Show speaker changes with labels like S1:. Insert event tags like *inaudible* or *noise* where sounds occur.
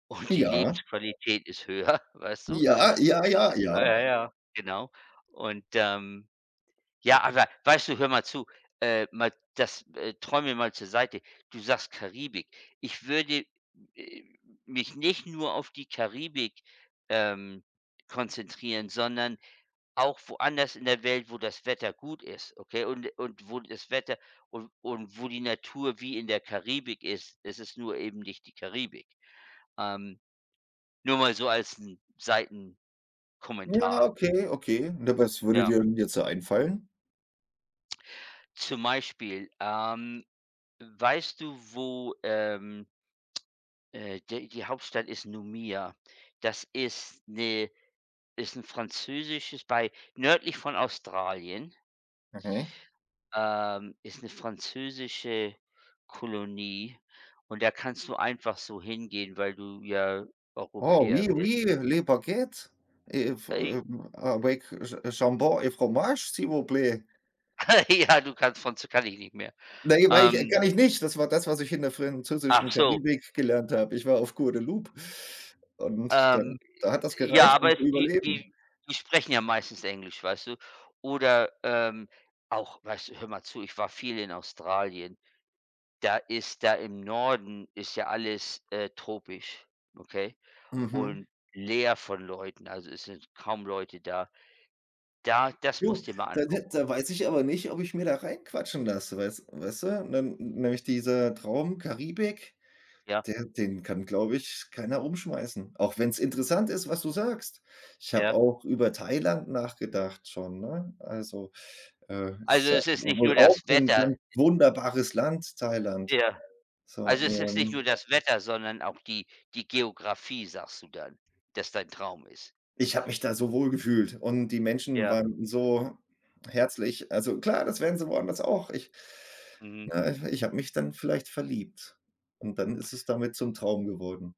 S1: Und die
S2: Ja.
S1: Lebensqualität ist höher, weißt du?
S2: Ja, ja, ja,
S1: Äh,
S2: ja.
S1: ja, ja, genau. Und, ähm, ja, aber weißt du, hör mal zu, äh, mal das äh, träumen wir mal zur Seite. Du sagst Karibik. Ich würde, äh, mich nicht nur auf die Karibik, ähm, konzentrieren, sondern auch woanders in der Welt, wo das Wetter gut ist, okay? Und und wo das Wetter, und und wo die Natur wie in der Karibik ist, es ist nur eben nicht die Karibik. Ähm, nur mal so als 'n
S2: Ja,
S1: Seitenkommentar.
S2: okay, okay. Und was würde
S1: Ja.
S2: dir denn jetzt so einfallen?
S1: Zum Beispiel, ähm, weißt du, wo, ähm, äh, de die Hauptstadt ist Nouméa. Das ist 'ne ist 'n französisches bei nördlich von Australien.
S2: Okay.
S1: Ähm, ist 'ne französische Kolonie und da kannst du einfach so hingehen, weil du ja
S2: Oh,
S1: Europäer
S2: oui,
S1: bist.
S2: oui, les Baguettes, äh v
S1: Äh, I
S2: äh avec j jambon et fromage, s'il vous plaît.
S1: *laughs* Ja, du kannst von z kann ich nicht mehr.
S2: Na, ja, weil ich kann
S1: Ähm.
S2: ich nicht. Das war das, was ich in der französischen
S1: Ach so.
S2: Karibik gelernt
S1: Äh
S2: habe. Ich war auf Guadeloupe und
S1: Ähm,
S2: dann da hat das
S1: j ja,
S2: gereicht,
S1: aber
S2: um
S1: es
S2: zu
S1: die die
S2: überleben.
S1: die sprechen ja meistens Englisch, weißt du? Oder, ähm, auch, weißt du hör mal zu, ich war viel in Australien. Da ist da im Norden ist ja alles, äh, tropisch, okay?
S2: Mhm.
S1: Und leer von Leuten, also, es sind kaum Leute da. Da das
S2: Jo,
S1: musst du dir mal
S2: da de
S1: angucken.
S2: da weiß ich aber nicht, ob ich mir da reinquatschen lasse, weiß weißte? Und dann n nämlich dieser Traum Karibik,
S1: Ja.
S2: der den kann, glaube ich, keiner umschmeißen. Auch wenn's interessant ist, was du sagst. Ich habe
S1: Ja.
S2: auch über Thailand nachgedacht schon, ne? Also, äh, ist
S1: Also,
S2: ja
S1: es
S2: w
S1: ist nicht nur
S2: wohl auch
S1: das
S2: 'n
S1: Wetter.
S2: ganz
S1: E
S2: wunderbares Land, Thailand.
S1: Ja.
S2: So,
S1: Also, es ist nicht nur
S2: ähm
S1: das Wetter, sondern auch die die Geografie, sagst du dann, dass dein Traum ist.
S2: Ich habe mich da so wohlgefühlt und die Menschen
S1: Ja.
S2: waren so herzlich, also, klar, das wären sie woanders auch. Ich
S1: Mhm.
S2: na, ich h ich habe mich dann vielleicht verliebt und dann ist es damit zum Traum geworden.